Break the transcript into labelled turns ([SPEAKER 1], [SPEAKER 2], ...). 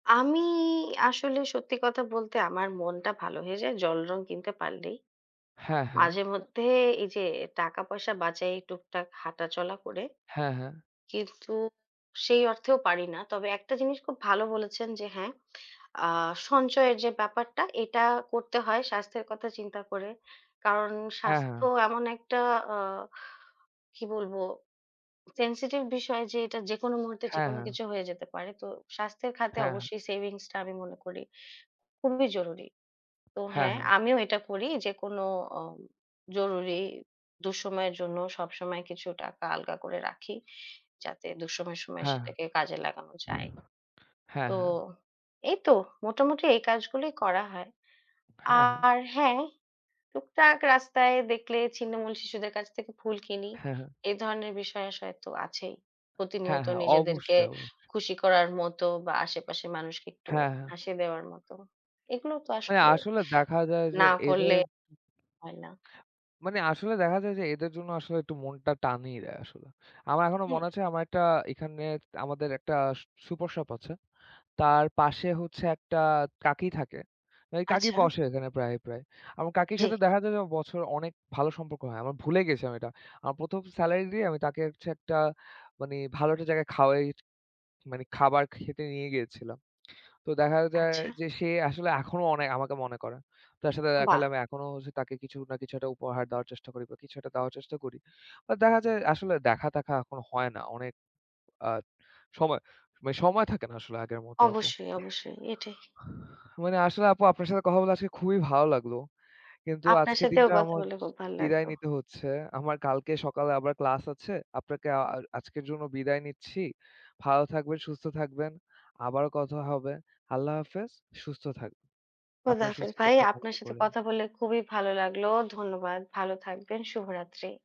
[SPEAKER 1] আমিই আসলে সত্যি কথা বলতে আমার মনটা ভালো হয়ে যায় জলরঙ কিনতে পারলেই।
[SPEAKER 2] হ্যাঁ, হ্যাঁ।
[SPEAKER 1] মাঝে মধ্যে এই যে টাকা পয়সা বাঁচাই টুকটাক হাঁটাচলা করে।
[SPEAKER 2] হ্যাঁ, হ্যাঁ।
[SPEAKER 1] কিন্তু সেই অর্থেও পারি না। তবে একটা জিনিস খুব ভালো বলেছেন যে হ্যাঁ, আ সঞ্চয়ের যে ব্যাপারটা এটা করতে হয় স্বাস্থ্যের কথা চিন্তা করে। কারণ
[SPEAKER 2] হ্যাঁ, হ্যাঁ।
[SPEAKER 1] স্বাস্থ্য এমন একটা, আ কী বলব, sensitive বিষয় যে এটা যেকোনো মুহূর্তে
[SPEAKER 2] হ্যাঁ,
[SPEAKER 1] যেকোনো
[SPEAKER 2] হ্যাঁ।
[SPEAKER 1] কিছু হয়ে যেতে পারে। তো স্বাস্থ্যের খাতে
[SPEAKER 2] হ্যাঁ।
[SPEAKER 1] অবশ্যই savings টা আমি মনে করি খুবই জরুরি। তো
[SPEAKER 2] হ্যাঁ,
[SPEAKER 1] হ্যাঁ,
[SPEAKER 2] হ্যাঁ।
[SPEAKER 1] আমিও এটা করি যে কোনো অ জরুরি দুঃসময়ের জন্য সবসময় কিছু টাকা আলগা করে রাখি, যাতে দুঃসময়ের সময়ে
[SPEAKER 2] হ্যাঁ।
[SPEAKER 1] সেটাকে কাজে লাগানো যায়।
[SPEAKER 2] হ্যাঁ,
[SPEAKER 1] তো
[SPEAKER 2] হ্যাঁ।
[SPEAKER 1] এই তো মোটামুটি এই কাজগুলোই করা হয়।
[SPEAKER 2] হ্যাঁ, হ্যাঁ।
[SPEAKER 1] আর হ্যাঁ, টুকটাক রাস্তায় দেখলে ছিন্নমূল শিশুদের কাছ থেকে ফুল কিনি।
[SPEAKER 2] হ্যাঁ, হ্যাঁ।
[SPEAKER 1] এই ধরনের বিষয় আসয়তো আছেই।
[SPEAKER 2] হ্যাঁ,
[SPEAKER 1] প্রতিনিয়ত
[SPEAKER 2] হ্যাঁ।
[SPEAKER 1] নিজেদেরকে
[SPEAKER 2] অবশ্যই, অবশ্যই।
[SPEAKER 1] খুশি করার মতো বা আশেপাশের মানুষকে একটু
[SPEAKER 2] হ্যাঁ, হ্যাঁ।
[SPEAKER 1] হাসি দেওয়ার মতো। এগুলো তো
[SPEAKER 2] মানে
[SPEAKER 1] আসলে
[SPEAKER 2] আসলে দেখা যায় যে
[SPEAKER 1] না
[SPEAKER 2] এদের
[SPEAKER 1] করলে হয় না।
[SPEAKER 2] মানে আসলে দেখা যায় যে এদের জন্য আসলে একটু মনটা টানিই দেয় আসলে। আমার এখনো
[SPEAKER 1] হ্যাঁ।
[SPEAKER 2] মনে আছে আমার একটা এখানে আমাদের একটা সু সুপার শপ আছে, তার পাশে হচ্ছে একটা কাকি থাকে। ঐ কাকি
[SPEAKER 1] আচ্ছা।
[SPEAKER 2] বসে এখানে প্রায়, প্রায়। আমার কাকির
[SPEAKER 1] জি।
[SPEAKER 2] সাথে দেখা যায় যে বছরে অনেক ভালো সম্পর্ক হয়। আমার ভুলে গেছি আমি ওইটা। আমার প্রথম salary দিয়েই আমি তাকে হচ্ছে একটা মানে ভালো একটা জায়গায় খাওয়াই, মানে খাবার খেতে নিয়ে গিয়েছিলাম। তো দেখা যায়
[SPEAKER 1] আচ্ছা।
[SPEAKER 2] যে সে আসলে এখনো অনেক আমাকে মনে করে। তার সাথে দেখা হলে
[SPEAKER 1] বাহ!
[SPEAKER 2] আমি এখনো হচ্ছে তাকে কিছু না কিছু একটা উপহার দেওয়ার চেষ্টা করি বা কিছু একটা দেওয়ার চেষ্টা করি। বাট দেখা যায় আসলে দেখা-তেখা এখন হয় না। অনেক আ সময় মানে সময় থাকে না আসলে আগের মতো আপু।
[SPEAKER 1] অবশ্যই, অবশ্যই এটাই।
[SPEAKER 2] মানে আসলে আপু আপনার সাথে কথা বলা আজকে খুবই ভালো লাগলো। কিন্তু
[SPEAKER 1] আপনার
[SPEAKER 2] আজকের
[SPEAKER 1] সাথেও
[SPEAKER 2] দিনটা
[SPEAKER 1] কথা
[SPEAKER 2] আমার
[SPEAKER 1] বলে খুব
[SPEAKER 2] বিদায়
[SPEAKER 1] ভাল্লাগলো।
[SPEAKER 2] নিতে হচ্ছে। আমার কালকে সকালে আবার class আছে। আপনাকে আ আর আজকের জন্য বিদায় নিচ্ছি। ভালো থাকবেন, সুস্থ থাকবেন। আবারও কথা হবে। আল্লাহ হাফেজ। সুস্থ থাকুন।
[SPEAKER 1] খোদা
[SPEAKER 2] আপনার
[SPEAKER 1] হাফেজ
[SPEAKER 2] সুস্থতা
[SPEAKER 1] ভাই, আপনার
[SPEAKER 2] কামনা
[SPEAKER 1] সাথে
[SPEAKER 2] করি আমি।
[SPEAKER 1] কথা বলে খুবই ভালো লাগলো। ধন্যবাদ, ভালো থাকবেন। শুভরাত্রি।